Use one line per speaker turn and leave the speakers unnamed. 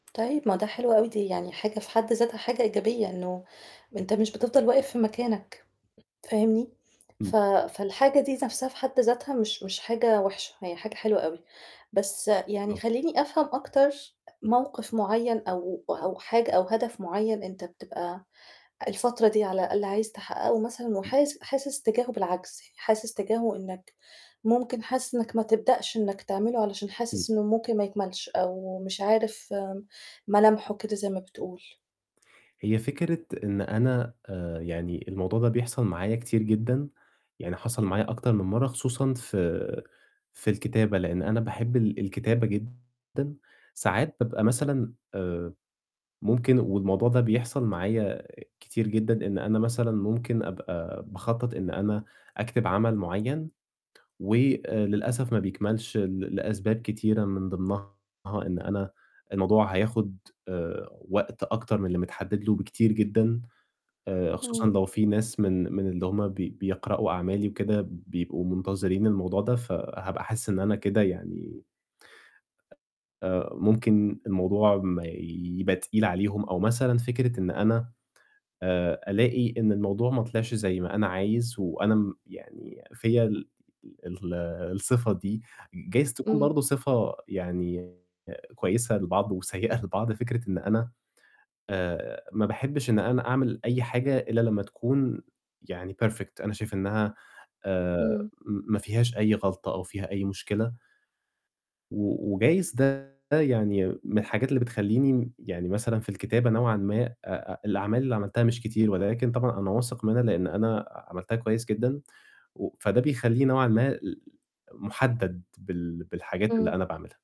طيب، ما ده حلو أوي، دي يعني حاجة في حد ذاتها حاجة إيجابية، إنه أنت مش بتفضل واقف في مكانك، فاهمني،
إمم.
ف فالحاجة دي نَفْسها في حد ذاتها مش مش حاجة وِحشة، هي حاجة حلوة أوي. بس يعني
مضبوط.
خلّيني أفهم أكتر موقف معيّن أو أو حاجة أو هدف معيّن أنت بتبقى الفترة دي على الأقل عايز تحقّقه مثلًا، وحاس حاسس تجاهه بالعجز، يعني حاسس تجاهه إنّك ممكن حاسس إنّك ما تبدأش إنّك تعمله علشان حاسس
إمم.
إنه ممكن ما يكملش، أو مش عارف ملامحه كده زي ما بتقول؟
هي فكرة إن أنا آآ يعني الموضوع ده بيحصل معايا كتير جدًا، يعني حصل معايا أكتر من مَرّة خصوصًا في في الكتابة، لإن أنا باحب ال الكتابة جدًا، ساعات بابقى مثلًا آآ ممكن والموضوع ده بيحصل معايا كتير جدًا، إن أنا مثلًا ممكن أبقى باخطّط إن أنا أكتب عمل معيّن، وللأسف ما بيكملش ل لأسباب كتيرة من ضمنها إن أنا الموضوع هياخد آآ وقت أكتر من اللي متحدّد له بكتير جدًا، آآ خصوصًا
إمم.
لو في ناس من من اللي هُم بي بيقرؤوا أعمالي وكده بيبقوا منتظرين الموضوع ده، فهابقى حاسس إن أنا كده يعني آآ ممكن الموضوع ما يبقى تقيل عليهم أو مثلًا فكرة إن أنا آآ ألاقي إن الموضوع ما طلعش زي ما أنا عايز، وأنا م يعني فيّا ال ال الصفة دي، جايز تكون
إمم.
برضه صفة يعني كويسة لبعض وسيّئة لبعض، فكرة إن أنا آآ ما باحبّش إن أنا أعمل أي حاجة إلّا لمّا تكون يعني perfect، أنا شايف إنّها آآ
إمم.
م ما فيهاش أي غلطة أو فيها أي مشكلة و وجايز ده يعني من الحاجات اللي بتخلّيني م يعني مثلًا في الكتابة نوعًا ما آآ آآ الأعمال اللي عملتها مش كتير، ولكن طبعًا أنا واثق منها لإن أنا ع عملتها كويس جدًا، و فده بيخلّيني نوعًا ما ل مُحدَّد بال بالحاجات اللي
إمم.
أنا باعملها.